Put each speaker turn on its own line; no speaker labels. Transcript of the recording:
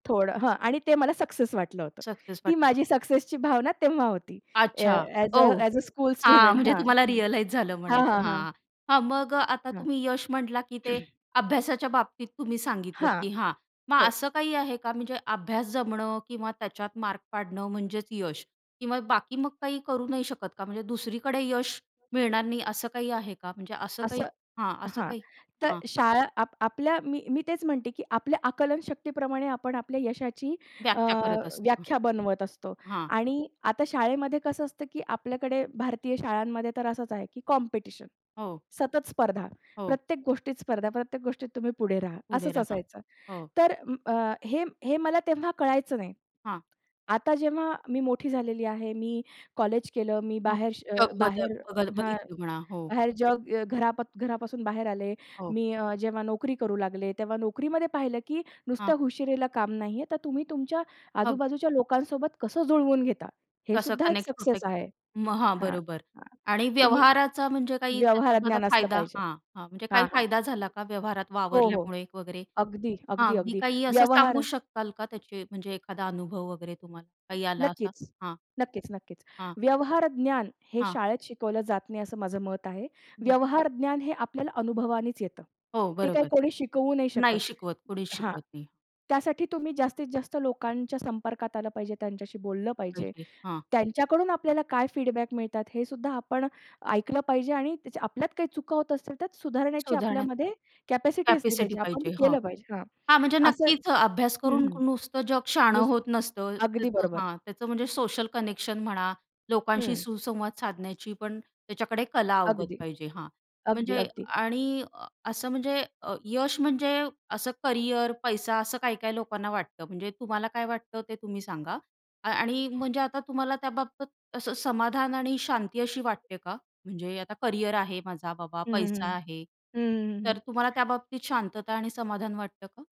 थोडं हं. आणि ते मला सक्सेस वाटलं होतं.
सक्सेस
ती
वाटेना.
माझी सक्सेसची भावना तेव्हा होती. ए ए
अच्छा
as a
oh!
As a school
हां,
स्टुडंट
म्हणजे
हां.
तुम्हाला
हं.
रिअलाईज झालं
हां,
म्हणायचं
हां. हां.
हां, हां. मग अ, आता
हां.
तुम्ही यश म्हटला की ते अभ्यासाच्या बाबतीत तुम्ही सांगितलं
हां,
की हां, मग
हो.
असं काही आहे का म्हणजे अभ्यास जमणं किंवा त्याच्यात मार्क पाडणं म्हणजेच यश किंवा बाकी मग काही करू नाही शकत का? म्हणजे दुसरीकडे यश मिळणार नाही असं काही आहे का? म्हणजे असं काही
असं
हां, असं
हां.
काही
तर
हां.
शाळा आप आपल्या मी, मी तेच म्हणते की आपल्या आकलन शक्तीप्रमाणे आपण आपल्या यशाची अ,
व्याख्या करत असतो.
व्याख्या बनवत असतो.
हां.
आणि आता शाळेमध्ये कसं असतं, की आपल्याकडे भारतीय शाळांमध्ये तर असंच आहे की कॉम्पिटिशन,
हो.
सतत स्पर्धा.
हो.
प्रत्येक गोष्टीत स्पर्धा, प्रत्येक गोष्टीत तुम्ही पुढे राहा.
पुढे
असंच
राहा.
असायचं.
हो.
तर अ, हे हे मला तेव्हा कळायचं नाही.
हां.
आता जेव्हा मी मोठी झालेली आहे. मी कॉलेज केलं, मी
हो.
बाहेर श
[unintelligible] बद्दल
बाहेर
बघ
हां.
बघितलं म्हणा हो.
बाहेर जग घरा घरापासून बाहेर आले.
हो.
मी अ, जेव्हा नोकरी करू लागले, तेव्हा नोकरीमध्ये पाहिलं की
हां.
नुसत्या हुशारीला काम नाहीये. तर तुम्ही तुमच्या
अगदी.
आजूबाजूच्या लोकांसोबत कसं जुळवून घेता
कसं
हेसुद्धा एक
कनेक्ट होतं.
सक्सेस आहे
मग हां,
हां.
बरोबर
हां.
आणि
तुम्ही
व्यवहाराचा म्हणजे काही त्याच्यामध्ये
व्यवहारज्ञान असलं
फायदा
पाहिजे
हां, हां. म्हणजे काही
हां, हां.
फायदा झाला का व्यवहारात
हो, हो.
वावरल्यामुळे वगैरे
अगदी,
हां,
अगदी,
अगदी
अगदी
काही असं
व्यवहार
सांगू शकाल का त्याचे म्हणजे एखादा अनुभव वगैरे तुम्हाला काही आला असा?
नक्कीच,
हां.
नक्कीच, नक्कीच.
हां.
व्यवहार ज्ञान हे
हां.
शाळेत शिकवलं जात नाही असं माझं मत आहे.
बरं.
व्यवहार ज्ञान हे आपल्याला अनुभवानेच येतं.
हो
ते काही
बरोबर.
कोणी शिकवू नाही
नाही
शकत
शिकवत. कोणीच
हां.
शिकवत नाही.
त्यासाठी तुम्ही जास्तीत जास्त लोकांच्या संपर्कात आलं पाहिजे, त्यांच्याशी बोललं पाहिजे.
[unintelligible] हां.
त्यांच्याकडून आपल्याला काय फीडबॅक मिळतात हेसुद्धा आपण ऐकलं पाहिजे आणि त्या आपल्यात काही चुका होत असतील त्यात सुधारण्याची
सुधारणा,
आपल्यामध्ये कॅपॅसिटी असली
कॅपॅसिटी
पाहिजे. आपण ते
पाहिजे. हां,
केलं पाहिजे हां.
हां, म्हणजे
असं
नक्कीच अ, अभ्यास
हं,
करून
हं.
नुसतं जग शहाणं
नुस
होत नसतं.
अगदी
त्याचं
बरोबर.
हां त्याचं म्हणजे सोशल कनेक्शन म्हणा, लोकांशी
हं.
सुसंवाद साधण्याचीपण त्याच्याकडे कला अवगत
अगदी,
पाहिजे हां,
अगदी,
म्हणजे
अगदी.
आणि अ असं म्हणजे अ, यश म्हणजे असं करियर, पैसा असं काही-काही लोकांना वाटतं म्हणजे तुम्हाला काय वाटतं ते तुम्ही सांगा? अ आणि म्हणजे आता तुम्हाला त्याबाबत असं समाधान आणि शांती अशी वाटते का? म्हणजे आता करियर आहे माझा, बाबा
हं, हं.
पैसा आहे.
हं, हं.
तर
हं,
तुम्हाला
हं.
त्याबाबतीत शांतता आणि समाधान वाटतं का?